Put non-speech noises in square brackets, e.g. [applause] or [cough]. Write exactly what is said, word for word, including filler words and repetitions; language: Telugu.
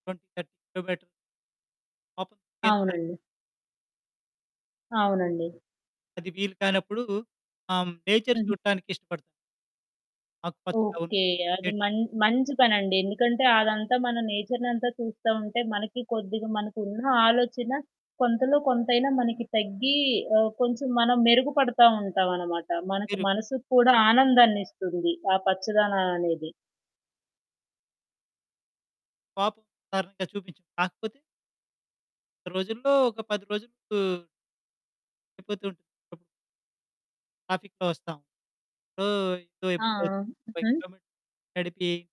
ట్వెంటీ థర్టీ కిలోమీటర్ [unintelligible] అవునండి. అవునండి. అది వీలు కానప్పుడు ఆహ్, హ్మ్. నేచర్ హుహు. చూడటానికి ఇష్టపడతా. ఆకు పచ్చ ఓకె. అది [unintelligible] మన్ మంచి పనండి. ఎందుకంటే అదంతా మన నేచర్‌నంతా చూస్తా ఉంటే మనకి కొద్దిగ, మనకున్న ఆలోచన కొంతలో, కొంతైనా మనకి తగ్గి ఆహ్, కొంచెం మనం మెరుగుపడతా ఉంటాం అనమాట. మనకు మీరు మనసుకు కూడా ఆనందాన్నిస్తుంది. ఆ పచ్చదనం అనేది. పాపం కారణంగా చూపించం కాకపోతే రోజుల్లో ఒక పది రోజులు అయిపోతూ ఉంటుంది. ట్రాఫిక్‌లో వస్తాం. సో ఆ! ఇబ్బందవుతుంది. ఫైవ్ హుహు. కిలోమీటర్ నడిపి